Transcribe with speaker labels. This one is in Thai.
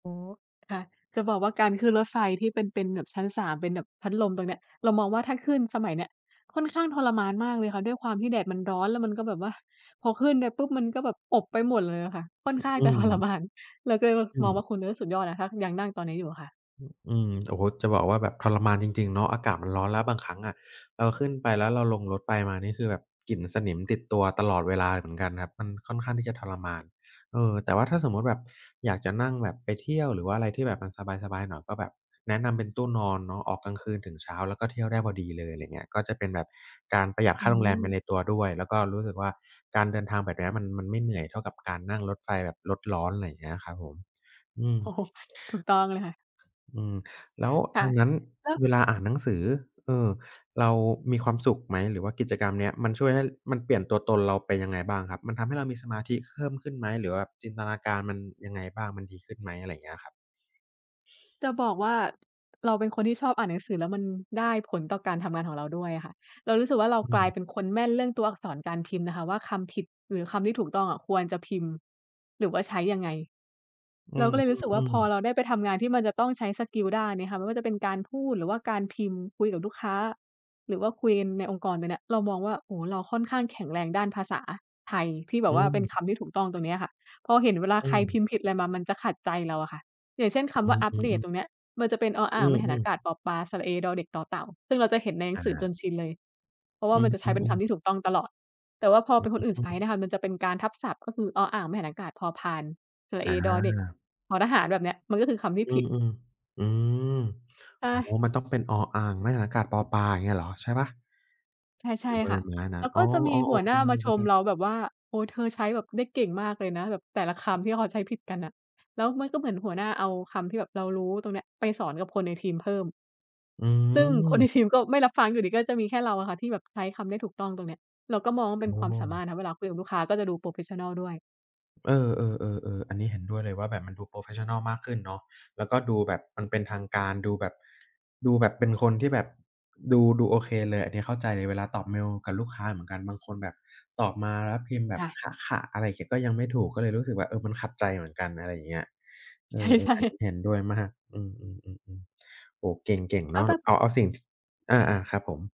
Speaker 1: โอ้ ค่ะ จะบอกว่าการขึ้นรถไฟที่เป็น เป็นแบบชั้น 3 เป็นแบบพัดลมตรงเนี้ย เรามองว่าถ้าขึ้นสมัยเนี้ย ค่อนข้างทรมานมากเลยค่ะ ด้วยความที่แดดมันร้อน แล้วมันก็แบบว่า พอขึ้นไปปุ๊บ มันก็แบบอบไปหมดเลยอะค่ะ ค่อนข้าง
Speaker 2: อ
Speaker 1: จ
Speaker 2: ื
Speaker 1: ะ ทร
Speaker 2: ม
Speaker 1: มาน เราก็เลยว่า
Speaker 2: อื
Speaker 1: มองว่
Speaker 2: ม
Speaker 1: า คุณเนี้ยสุดยอดนะคะ ยังนั่งตอนนี้อยู่อะค่ะ
Speaker 2: ฮ อืม โอ้โฮ จะบอกว่าแบบทรมานจริง ๆ เนาะ อากาศมันร้อน แล้วบางครั้งอะเราขึ้นไป แล้วเราลงรถไปมา นี่คือแบบกลิ่นสนิมติดตัวตลอดเวลาเหมือนกันครับ มันค่อนข้างที่จะทรมาน เออ แต่ว่าถ้าสมมุติแบบอยากจะนั่งแบบไปเที่ยว หรือว่าอะไรที่แบบมันสบาย ๆ หน่อย ก็แบบแนะนำเป็นตู้นอนเนาะ ออกกลางคืนถึงเช้า แล้วก็เที่ยวได้พอดีเลย อะไรอย่างเงี้ย ก็จะเป็นแบบการประหยัด
Speaker 1: อื
Speaker 2: ค่าโรงแรมไป
Speaker 1: อ
Speaker 2: ในตัวด้วย แล้วก็รู้สึกว่า การเดินทางแบบเนี้ยมัน มันไม่เหนื่อย เท่ากับการนั่งรถไฟแบบรถร้อน อะไรอย่างเงี้ย ครับผม อืม
Speaker 1: โอ้โฮ ถูกต้องเลยค่ะ
Speaker 2: อืม แล้ว
Speaker 1: ค่
Speaker 2: ท
Speaker 1: ะ
Speaker 2: างนั้น
Speaker 1: แล้ว
Speaker 2: เวลาอ่านหนังสือ เออ เรามีความสุขไหม? หรือว่ากิจกรรมเนี้ย มันช่วยให้ มันเปลี่ยนตัวตนเราเป็นยังไงบ้างครับ? มันทำให้เรามีสมาธิเพิ่มขึ้นไหม หรือว่าจินตนาการมันยังไงบ้าง มันดีขึ้นไหม? อะไรอย่างเงี้ยครับ
Speaker 1: จะบอกว่าเราเป็นคนที่ชอบอ่านหนังสือ แล้วมันได้ผลต่อการทำงานของเราด้วยอะค่ะ เรารู้สึกว่าเรา
Speaker 2: อื
Speaker 1: กลาย
Speaker 2: ม
Speaker 1: เป็นคนแม่นเรื่องตัวอักษรการพิมพ์นะคะว่า คำผิดหรือคำที่ถูกต้องอะ ควรจะพิมพ์หรือว่าใช้ยังไง
Speaker 2: อื
Speaker 1: เราก็เลยรู้สึกว่า
Speaker 2: อ
Speaker 1: พอ
Speaker 2: ๆ ๆ
Speaker 1: เราได้ไปทำงานที่มันจะต้องใช้สกิลด้านนี้ค่ะ ไม่ว่าจะเป็นการพูด หรือว่าการพิมพ์คุยกับลูกค้า หรือว่าคุยกันในองค์กรตรงเนี่ย เรามองว่า โอ้โฮ เราค่อนข้างแข็งแรงด้านภาษาไทย ที่แบ
Speaker 2: อ
Speaker 1: บว่าเป็นค
Speaker 2: ือ
Speaker 1: ำที่ถูกต้องตรงเนี้ยค่ะ พอเห็นเวลา
Speaker 2: อ
Speaker 1: ใ
Speaker 2: ื
Speaker 1: คร
Speaker 2: ม
Speaker 1: พิมพ์ผิดอะไรมามันจะขัดใจเราอะค่ะ อย่างเช่น ค
Speaker 2: อื
Speaker 1: ำว่า
Speaker 2: อ
Speaker 1: อัป
Speaker 2: อื
Speaker 1: เดต
Speaker 2: ม
Speaker 1: ต
Speaker 2: ๆ
Speaker 1: รงเนี้ย มันจะเป็น อออ
Speaker 2: อ
Speaker 1: ่
Speaker 2: ื
Speaker 1: าง-ไม้หันอา
Speaker 2: อ ๆ
Speaker 1: กาศ-ปอปลา สระเอ-ดอเด็ก-ตอเต่า ซึ่งเราจะเห็นในหนั
Speaker 2: อ
Speaker 1: งสือจ
Speaker 2: า
Speaker 1: นชินเลย เพราะว่า
Speaker 2: อ
Speaker 1: มันจะใช้
Speaker 2: ื
Speaker 1: เป็นค
Speaker 2: อ ๆ ๆ
Speaker 1: ำที่ถูกต้องตลอด แต่ว่าพอ
Speaker 2: อื
Speaker 1: เป
Speaker 2: อ
Speaker 1: ็นคนอื่นใช
Speaker 2: ๆ อ
Speaker 1: ้
Speaker 2: ืม
Speaker 1: นะคะ มันจะเป็นการทับศัพท์ ก็คือ อออ่าง-ไม้หันอากาศ-พอพาน สระ
Speaker 2: อ
Speaker 1: เอ-ดอเด็ก-
Speaker 2: า
Speaker 1: ทอทหาร แบบเนี้ย มันก็คือคำที่
Speaker 2: อื
Speaker 1: ผิด
Speaker 2: ม ๆ อือ
Speaker 1: ใช
Speaker 2: โอ้โฮ
Speaker 1: ่
Speaker 2: มันต้องเป็น อออ่าง-ไม้หันอากาศ-ปอปลา อย่างเงี้ยเหรอ ใช่เปล่า?
Speaker 1: ใช
Speaker 2: หร
Speaker 1: ่
Speaker 2: ือบอ
Speaker 1: ๆ ค
Speaker 2: ใบ
Speaker 1: ่ะ
Speaker 2: ไม้น
Speaker 1: แ
Speaker 2: ะ?
Speaker 1: ล้ว
Speaker 2: อ๋
Speaker 1: ก็
Speaker 2: อ
Speaker 1: จะมี
Speaker 2: ๆ
Speaker 1: ห
Speaker 2: โอ
Speaker 1: ัว
Speaker 2: เ
Speaker 1: หน
Speaker 2: ค
Speaker 1: ้า
Speaker 2: ลื
Speaker 1: มา
Speaker 2: ม
Speaker 1: ช
Speaker 2: ไปเ
Speaker 1: ม
Speaker 2: ลย
Speaker 1: เราแบบว่า โอ้โฮ เธอใช้แบบได้เก่งมากเลยนะ แบบแต่ละคำที่เขาใช้ผิดกันน่ะ แล้วมันก็เหมือนหัวหน้าเอาคำที่แบบเรารู้ตรงเนี้ย ไปสอนกับคนในทีมเพิ่ม
Speaker 2: อื
Speaker 1: ซึ่ง คน
Speaker 2: อ
Speaker 1: ในทีม ก็ไม่รับฟังอยู่ดี ก็จะมีแค่เราอะค่ะ ที่แบบใช้คำได้ถูกต้องตรงเนี้ย เราก็มองว่า
Speaker 2: อ
Speaker 1: เป็นค
Speaker 2: ้
Speaker 1: วามสามาร
Speaker 2: อ
Speaker 1: ถนะ เวลาคุยกับลูกค้าก็จะดู โพรเฟสชันนัล ด้วย
Speaker 2: เออ ๆ ๆ ๆ อันนี้เห็นด้วยเลยว่า แบบมันดู โพรเฟสชันนัล มากขึ้นเนาะ แล้วก็ดูแบบมันเป็นทางการ ดูแบบ ดูแบบเป็นคนที่แบบ ดู ๆ โอเคเลย อันนี้เข้าใจ เวลาตอบเมลกับลูกค้าเหมือนกัน บางคนแบบตอบมาแล้วพิมพ์แบ
Speaker 1: ค
Speaker 2: บ
Speaker 1: ่ะ
Speaker 2: คะ ค่ะ อะไรเขียนก็ยังไม่ถูก ก็เลยรู้สึกแบบ เออ มันขัดใจเหมือนกัน อะไรอย่างเงี้ย เอ
Speaker 1: ใ
Speaker 2: อ
Speaker 1: ช่
Speaker 2: ๆ อันนี
Speaker 1: ๆ
Speaker 2: ้เห็นด้วยมาก อืม ๆ ๆ ๆ โอ้โฮ เก่ง ๆ
Speaker 1: แล
Speaker 2: เ
Speaker 1: ้
Speaker 2: นา
Speaker 1: ว
Speaker 2: ะ
Speaker 1: แบบ
Speaker 2: เอา ๆ สิ่ง อา ๆ ครับผม